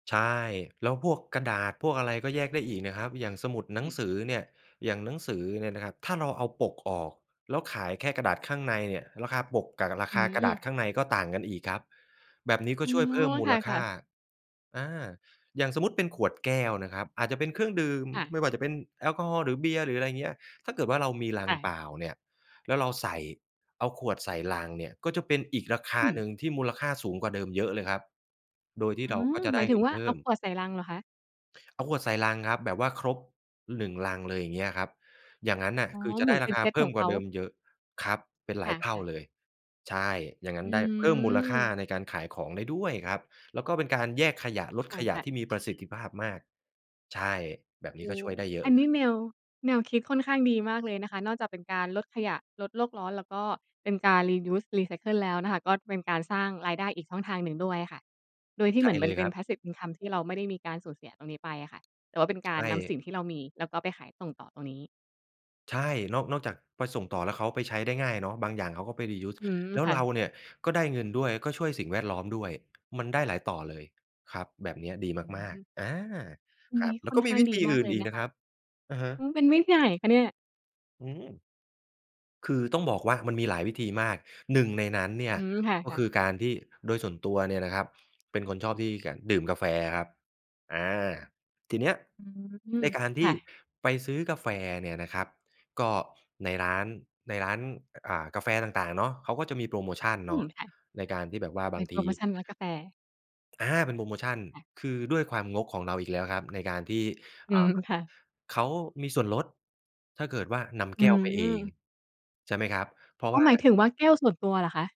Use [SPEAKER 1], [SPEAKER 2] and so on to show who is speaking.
[SPEAKER 1] ใช่ แล้วพวกกระดาษ พวกอะไรก็แยกได้อีกนะครับ อย่างสมุด หน
[SPEAKER 2] อ
[SPEAKER 1] ัง
[SPEAKER 2] ืม
[SPEAKER 1] สือเนี่ย อย่างหนังสือเนี่ยนะครับ ถ้าเราเอาปกออก แล้วขายแค่กระดาษข้างในเนี่ย ราคาปกกะรา
[SPEAKER 2] อ
[SPEAKER 1] ค
[SPEAKER 2] ื
[SPEAKER 1] ากระดาษ
[SPEAKER 2] ม
[SPEAKER 1] ข้างในก็ต่างกันอีกครับ แบบนี้ก็
[SPEAKER 2] อ๋อ
[SPEAKER 1] ช่วยเพิ่มมู
[SPEAKER 2] ค
[SPEAKER 1] ลค
[SPEAKER 2] ่
[SPEAKER 1] ่
[SPEAKER 2] ะ
[SPEAKER 1] า
[SPEAKER 2] ๆ
[SPEAKER 1] อา อย่างสมมุติเป็นขวดแก้วนะครับ อาจจะเป็นเครื่องดื่ม
[SPEAKER 2] ค่ะ
[SPEAKER 1] ไม่ว่าจะเป็นแอลกอฮอล์หรือเบียร์ หรืออะไรอย่างเงี้ย ถ้าเกิดว่าเรามีลั
[SPEAKER 2] ค
[SPEAKER 1] ง
[SPEAKER 2] ่
[SPEAKER 1] เป
[SPEAKER 2] ะ
[SPEAKER 1] ล่าเนี่ย แล้วเราใส่ เอาขวดใส่ลังเนี่ย ก็จะเป็นอีกราค
[SPEAKER 2] อ
[SPEAKER 1] า
[SPEAKER 2] ืม
[SPEAKER 1] หนึ่งที่มูลค่าสูงกว่าเดิมเยอะเลยครับ โดยที่
[SPEAKER 2] อื
[SPEAKER 1] เรา
[SPEAKER 2] ม
[SPEAKER 1] ก็จะ
[SPEAKER 2] ห
[SPEAKER 1] ไ
[SPEAKER 2] ม
[SPEAKER 1] ด
[SPEAKER 2] า
[SPEAKER 1] ้
[SPEAKER 2] ยถึ
[SPEAKER 1] เง
[SPEAKER 2] ง
[SPEAKER 1] ิน
[SPEAKER 2] ว่า
[SPEAKER 1] เพ
[SPEAKER 2] เ
[SPEAKER 1] ิ
[SPEAKER 2] อ
[SPEAKER 1] ่
[SPEAKER 2] าข
[SPEAKER 1] ม
[SPEAKER 2] วดใส่ลังเหรอคะ?
[SPEAKER 1] เอาขวดใส่ลังครับ แบบว่าครบหนึ่งลังเลยอย่างเงี้ยครับ อย่างงั้นน่ะ
[SPEAKER 2] อ๋อ
[SPEAKER 1] คือจะ
[SPEAKER 2] เห
[SPEAKER 1] ไ
[SPEAKER 2] ม
[SPEAKER 1] ด
[SPEAKER 2] ื
[SPEAKER 1] ้
[SPEAKER 2] อนเ
[SPEAKER 1] ร
[SPEAKER 2] ป
[SPEAKER 1] า
[SPEAKER 2] ็น
[SPEAKER 1] ค
[SPEAKER 2] เ
[SPEAKER 1] า
[SPEAKER 2] ซต
[SPEAKER 1] เพิ
[SPEAKER 2] ข
[SPEAKER 1] ่
[SPEAKER 2] อ
[SPEAKER 1] ม
[SPEAKER 2] งเ
[SPEAKER 1] กว
[SPEAKER 2] ข
[SPEAKER 1] ่า
[SPEAKER 2] า
[SPEAKER 1] เดิมเยอะ ครับ เป็นหล
[SPEAKER 2] ค
[SPEAKER 1] ายเท่า
[SPEAKER 2] ่ะ ๆ
[SPEAKER 1] เลย ใช่ อย่างงั
[SPEAKER 2] อ
[SPEAKER 1] ้นได้เพิ่มมูลค่า
[SPEAKER 2] ืม
[SPEAKER 1] ในการขายของได้ด้วยครับ แล้วก็เป็นการแยกขยะ ลด
[SPEAKER 2] ค
[SPEAKER 1] ขยะ
[SPEAKER 2] ่ะ ๆ
[SPEAKER 1] ที่มีประสิทธิภาพมาก ใช่ แบบน
[SPEAKER 2] โ
[SPEAKER 1] ี
[SPEAKER 2] อ
[SPEAKER 1] ้ก็
[SPEAKER 2] ้โ
[SPEAKER 1] ช
[SPEAKER 2] ฮ
[SPEAKER 1] ่วยได้เยอ
[SPEAKER 2] อ
[SPEAKER 1] ะ
[SPEAKER 2] ัน
[SPEAKER 1] เล
[SPEAKER 2] นี
[SPEAKER 1] ย
[SPEAKER 2] ้แนว แนวคิดค่อนข้างดีมากเลยนะคะ นอกจากเป็นการลดขยะ ลดโลกร้อน แล้วก็เป็นการ Reuse รีไซเคิล แล้วนะคะ ก็จะเป็นการสร้างรายได้อีกช่องทางหนึ่งด้วยค่ะ โดยที่
[SPEAKER 1] ใช
[SPEAKER 2] เหม
[SPEAKER 1] ่
[SPEAKER 2] ือน
[SPEAKER 1] เ
[SPEAKER 2] มั
[SPEAKER 1] ล
[SPEAKER 2] น
[SPEAKER 1] ย
[SPEAKER 2] เ
[SPEAKER 1] ค
[SPEAKER 2] ป็
[SPEAKER 1] ร
[SPEAKER 2] น
[SPEAKER 1] ับ
[SPEAKER 2] passive income ที่เราไม่ได้มีการสูญเสียตรงนี้ไปอะค่ะ แต่ว่าเป็น
[SPEAKER 1] ใ
[SPEAKER 2] ก
[SPEAKER 1] ช
[SPEAKER 2] ารนำสิ
[SPEAKER 1] ่
[SPEAKER 2] ่งที่เรามี แล้วก็ไปขายส่งต่อตรงนี้
[SPEAKER 1] ใช่ นอก นอกจากไปส่งต่อแล้วเขาไปใช้ได้ง่ายเนาะ บางอย่างเขาก็ไป reuse
[SPEAKER 2] อืม
[SPEAKER 1] แล้ว
[SPEAKER 2] ค่
[SPEAKER 1] เรา
[SPEAKER 2] ะ
[SPEAKER 1] เนี่ย ก็ได้เงินด้วย แล้วก็ช่วยสิ่งแวดล้อมด้วย มันได้หลายต่อเลย ครับ แบบเนี้ยดี
[SPEAKER 2] อื
[SPEAKER 1] ม
[SPEAKER 2] อ
[SPEAKER 1] า
[SPEAKER 2] ฮ
[SPEAKER 1] ก
[SPEAKER 2] ึ
[SPEAKER 1] ๆ อา
[SPEAKER 2] อัน
[SPEAKER 1] ครั
[SPEAKER 2] น
[SPEAKER 1] บ
[SPEAKER 2] ี้
[SPEAKER 1] แล้
[SPEAKER 2] ค
[SPEAKER 1] ว
[SPEAKER 2] ่
[SPEAKER 1] ก
[SPEAKER 2] อน
[SPEAKER 1] ็ม
[SPEAKER 2] ข
[SPEAKER 1] ี
[SPEAKER 2] ้าง
[SPEAKER 1] วิ
[SPEAKER 2] ด
[SPEAKER 1] ธ
[SPEAKER 2] ี
[SPEAKER 1] ี
[SPEAKER 2] ม
[SPEAKER 1] อ
[SPEAKER 2] า
[SPEAKER 1] ื
[SPEAKER 2] ก
[SPEAKER 1] ่น
[SPEAKER 2] เล
[SPEAKER 1] อ
[SPEAKER 2] ย
[SPEAKER 1] ีก
[SPEAKER 2] น
[SPEAKER 1] น
[SPEAKER 2] ะ
[SPEAKER 1] ะ
[SPEAKER 2] ค
[SPEAKER 1] ค
[SPEAKER 2] ะ
[SPEAKER 1] รับ อะฮะ
[SPEAKER 2] อืม เป็นวิธีไหนคะเนี่ย?
[SPEAKER 1] อืม คือต้องบอกว่ามันมีหลายวิธีมาก หนึ่งในนั้นเนี่
[SPEAKER 2] อ
[SPEAKER 1] ย
[SPEAKER 2] ืม ค
[SPEAKER 1] ก็
[SPEAKER 2] ่ะ
[SPEAKER 1] คื
[SPEAKER 2] ๆ
[SPEAKER 1] อการที่ โดยส่วนตัวเนี่ยนะครับ เป็นคนชอบที่ ก ดื่มกาแฟครับ อา ทีเนี้ย
[SPEAKER 2] อื
[SPEAKER 1] ใ
[SPEAKER 2] ม
[SPEAKER 1] นการท
[SPEAKER 2] ค
[SPEAKER 1] ี
[SPEAKER 2] ่
[SPEAKER 1] ่
[SPEAKER 2] ะ
[SPEAKER 1] ไปซื้อกาแฟเนี่ยนะครับ ก็ในร้าน ในร้าน อ่า กาแฟต่าง ๆ เนาะ เขาก็จะมีโพรโมชัน
[SPEAKER 2] อ
[SPEAKER 1] เ
[SPEAKER 2] ื
[SPEAKER 1] นา
[SPEAKER 2] ม
[SPEAKER 1] ะ
[SPEAKER 2] ค่ะ
[SPEAKER 1] ในการที่แบบว่า
[SPEAKER 2] อ้อ เ
[SPEAKER 1] บ
[SPEAKER 2] ป
[SPEAKER 1] า
[SPEAKER 2] ็น
[SPEAKER 1] ง
[SPEAKER 2] โพ
[SPEAKER 1] ท
[SPEAKER 2] ร
[SPEAKER 1] ี
[SPEAKER 2] โมชันร้านกาแฟ
[SPEAKER 1] อา เป็นโพรโมชัน
[SPEAKER 2] ค่ะ
[SPEAKER 1] คือด้วยความงกของเราอีกแล้วครับ ในการที่
[SPEAKER 2] อ
[SPEAKER 1] อ
[SPEAKER 2] ื
[SPEAKER 1] ่า
[SPEAKER 2] ม ค่ะ
[SPEAKER 1] เขามีส่วนลด ถ้าเกิดว่านำ
[SPEAKER 2] อ
[SPEAKER 1] แ
[SPEAKER 2] ื
[SPEAKER 1] ก้วไปเอง
[SPEAKER 2] ม
[SPEAKER 1] ใช่ไหมครับ เพราะ
[SPEAKER 2] อ๋อ
[SPEAKER 1] ว่า
[SPEAKER 2] หมายถึงว่า แก้วส่วนตัวเหรอคะ?